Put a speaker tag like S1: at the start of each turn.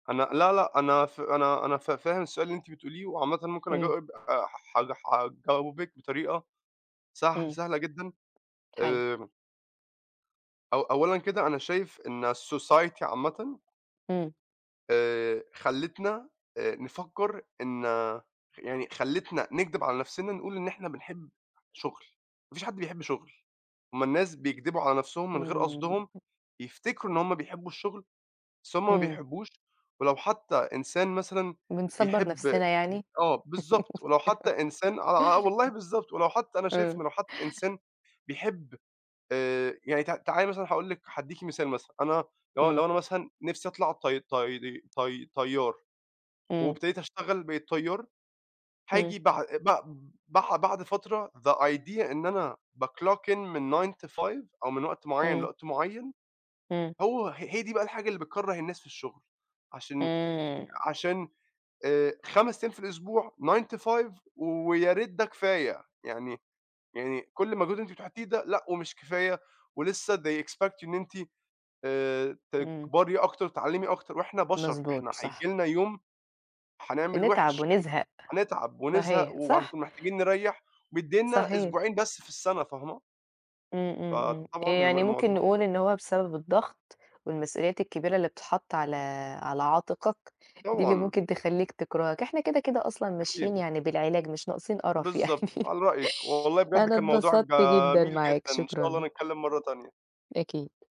S1: أنا لا، لأ، أنا ف أنا أنا ف فاهم السؤال اللي أنتِ بتقوليه، وعامةً ممكن
S2: إمم.
S1: أجاوب، آآ ح ح حجاوبك بطريقة سهل
S2: إمم،
S1: سهلة جدًا،
S2: حلو.
S1: آمم أو أولًا كده أنا شايف إن الsociety عامةً
S2: إمم.
S1: آآ خلّتنا آآ، نفكّر إن يعني خلّتنا نكدب على نفْسنا نقول إن إحنا بنحب شغل، ما فيش حد بيحب شغل، هُم الناس بيكدبوا على نفْسهم من غير
S2: إمم.
S1: قصدهم، بيفتكروا إن هُم بيحبوا الشغل، بس هُم ما
S2: إمم.
S1: بيحبوش، ولو حتّى إنسان مثلًا
S2: بنصبَّر
S1: بيحب
S2: نفْسنا يعني؟
S1: آه بالضبط، ولو حتّى إنسان آه، آه، والله بالضبط، ولو حتّى أنا شايف إن
S2: آه.
S1: لو حتّى إنسان بيحب آآ يعني ت تعالي مثلًا هاقول لِك هادِّيكِ مثال مثلًا، أنا لو
S2: إمم.
S1: لو أنا مثلًا نِفْسي أطلع طي طي طي طيار،
S2: إمم.
S1: وابتديت أشتغل بقيت طيار،
S2: إمم.
S1: هاجي بع بع بع بعد فترة the idea إن أنا بclock in من 09:00 to 17:00 أو من وقت معيّن
S2: إمم.
S1: لوقت معيّن،
S2: إمم.
S1: هو ه هي دي بقى الحاجة اللي بتكرَّه الناس في الشغل، عشان
S2: إمم.
S1: عشان، آآ 5 أيام في الأسبوع 09:00 to 17:00 وياريت ده كفاية، يعني يعني كلّ مجهود أنتِ بتحطيه ده لأ ومش كفاية، ولسّه they expect إن أنتِ آآ
S2: إمم.
S1: تكبري أكتر، تتعلّمي أكتر، وإحنا بشر،
S2: مضبوط،
S1: إحنا هييجي
S2: صح.
S1: لنا يوم هنعمل
S2: نتعب
S1: وحِش هي
S2: ونزهق،
S1: هنتعب ونزهق
S2: صحيح، صح.
S1: وهنكون محتاجين نريّح، مديّننا
S2: صحيح.
S1: أسبوعين بس في السنة، فاهمة؟
S2: إمم، إمم، إمم،
S1: فطبعًا الم
S2: يعني ممكن
S1: الموضوع
S2: نقول إن هو بسبب الضغط، والمسئوليات الكبيرة اللي بتتحط على على عاتقك، دي اللي
S1: طبعًا.
S2: ممكن تخلّيك تكرهك، إحنا كده، كده أصلًا ماشيين
S1: أكيد.
S2: يعني بالعلاج، مش ناقصين قرف يعني،
S1: بالضبط، على رأيِك، والله بجد
S2: أنا
S1: كان موضوع
S2: اتبسطت جدًا
S1: جميل
S2: معاك،
S1: جدًا، إن شاء
S2: شكرًا.
S1: الله نتكلّم مَرّة تانية.
S2: أكيد.